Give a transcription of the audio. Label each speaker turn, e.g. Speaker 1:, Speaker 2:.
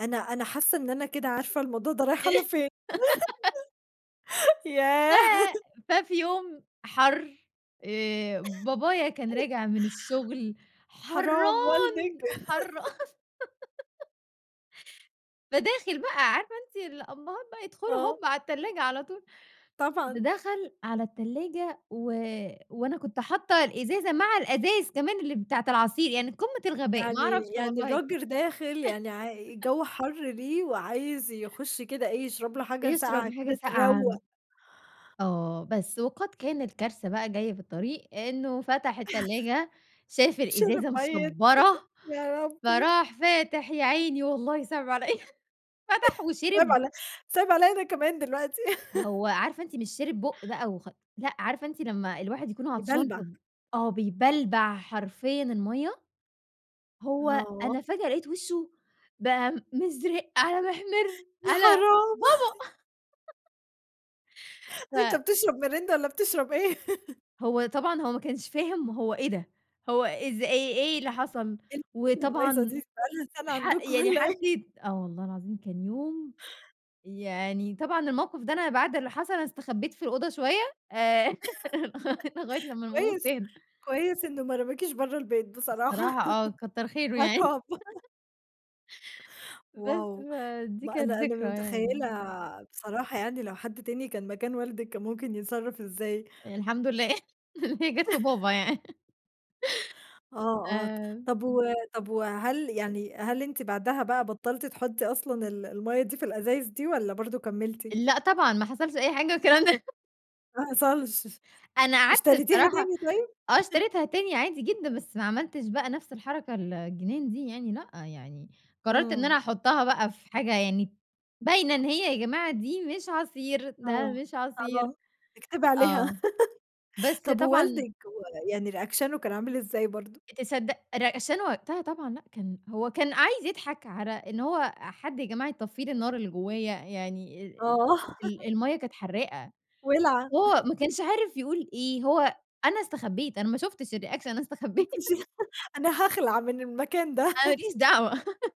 Speaker 1: أنا أنا حاسة إن أنا كده عارفة الموضوع ده رايح على
Speaker 2: إيه؟
Speaker 1: فين،
Speaker 2: ف
Speaker 1: ياه.
Speaker 2: ففي يوم حَر آآ بابايا كان راجع من الشغل
Speaker 1: حرام والدِك.
Speaker 2: حران حَر فداخل بقى عارفة أنتِ الأبهات بقى يدخلوا
Speaker 1: آه.
Speaker 2: هُم على التلاجة على طول. د
Speaker 1: طبعًا.
Speaker 2: دخل على التلاجة و وأنا كنت حاطة الإزازة مع الأزايز كمان اللي بتاعة العصير يعني قمة الغباء ما
Speaker 1: يعني
Speaker 2: أعرفش
Speaker 1: يعني
Speaker 2: والله.
Speaker 1: الرجل داخل يعني ع الجو حَر ليه، وعايز يخُش كده إيه يشرب له حاجة
Speaker 2: يشرب
Speaker 1: ساقعة
Speaker 2: حاجة
Speaker 1: كده
Speaker 2: ساقعة،
Speaker 1: تروّق
Speaker 2: آه، بس وقد كان الكارثة بقى جاية في الطريق إنه فتح التلاجة شاف
Speaker 1: شِرِب
Speaker 2: الإزازة
Speaker 1: مَيَّة
Speaker 2: مشبرة
Speaker 1: يا ربي.
Speaker 2: فراح فاتح يا عيني والله صِعِب عليَّ فتح
Speaker 1: صِعِب
Speaker 2: وشِرِب
Speaker 1: عل صِعِب عليَّ أنا كمان دلوقتي.
Speaker 2: هو عارفة أنتِ مش شِرِب بُق بقى وخ لأ عارفة أنتِ لمّا الواحد يكون عطشان
Speaker 1: يبلبع.
Speaker 2: فب آه بيبلبع حرفيًا المَيَّة؟ هو
Speaker 1: آه.
Speaker 2: أنا فجأة لقيت وشه بقى مِزرِق على
Speaker 1: يا
Speaker 2: مِحمِرعلى
Speaker 1: حرام.
Speaker 2: بابا.
Speaker 1: أنت
Speaker 2: ف
Speaker 1: بتشرب ميريندا والّا بتشرب إيه؟
Speaker 2: هو طبعًا هو ما كنش فاهم هو إيه ده هو إز إيه إيه اللي حصل؟
Speaker 1: إيه ال [unintelligible] البايظة
Speaker 2: وطبعًا
Speaker 1: دي؟ دي بقالها سنة
Speaker 2: ح
Speaker 1: عندكم
Speaker 2: يعني
Speaker 1: والّا
Speaker 2: حد
Speaker 1: إيه؟
Speaker 2: يت آه والله العظيم كان يوم يعني طبعًا الموقِف ده أنا بعد اللي حصل أنا استخبيت في الأوضة شوية آآ لغ لغاية لمّا الأمور
Speaker 1: كويس،
Speaker 2: تهدى.
Speaker 1: كويس إنه ما رماكيش برّه البيت
Speaker 2: الصراحة
Speaker 1: بصراحة
Speaker 2: آه كتّر خيره ياعيني.
Speaker 1: عقاب.
Speaker 2: بس
Speaker 1: واو!
Speaker 2: فدي
Speaker 1: ما
Speaker 2: كانت
Speaker 1: أنا أنا
Speaker 2: ذكرى يعني.
Speaker 1: متخيلة بصراحة يعني لو حد تاني كان مكان والدِك كان ممكن يتصرف إزاي.
Speaker 2: الحمد لله إن هي جات في بابا يعني.
Speaker 1: آه، آه، ط
Speaker 2: آآ
Speaker 1: طب و طب وهل يعني هل أنتِ بعدها بقى بطلتِ تحطي أصلًا ال المَيَّة دي في الازايز دي والّا برضه كمّلتِ؟
Speaker 2: لأ طبعًا ما حصلش أي حاجة من الكلام ده.
Speaker 1: ما حصلش،
Speaker 2: أنا قعدت
Speaker 1: اشتريتيها
Speaker 2: الصراحة
Speaker 1: تاني طيب؟
Speaker 2: آه اشتريتها تاني عادي جدًا بس ما عملتش بقى نفس الحركة ال الجنان دي يعني لأ يعني قررت إن
Speaker 1: إمم.
Speaker 2: أنا أحطها بقى في حاجة يعني باينة إن هي يا جماعة دي مش عصير، ده
Speaker 1: آه
Speaker 2: مش عصير.
Speaker 1: [unintelligible] اكتبِ عليها
Speaker 2: آه، بس
Speaker 1: طب
Speaker 2: طبعًا
Speaker 1: ووالدِك و يعني ريأكشنه كان عامل إزاي برضه؟
Speaker 2: تصدق ريأكشنه وقتها طبعًا لأ كان هو كان عايز يضحك على إن هو حد يا جماعة يطفي لي الناراللي جوايا يعني آآ
Speaker 1: آه.
Speaker 2: ال المَيَّة كانت حراقة
Speaker 1: وِلعة.
Speaker 2: وهو ما كانش عارف يقول إيه، هو أنا استخبيت أنا ما شُفتش الreaction أنا استخبيت.
Speaker 1: أنتِ ش أنا هاخلع من المكان ده.
Speaker 2: أنا ما ليش دعوة.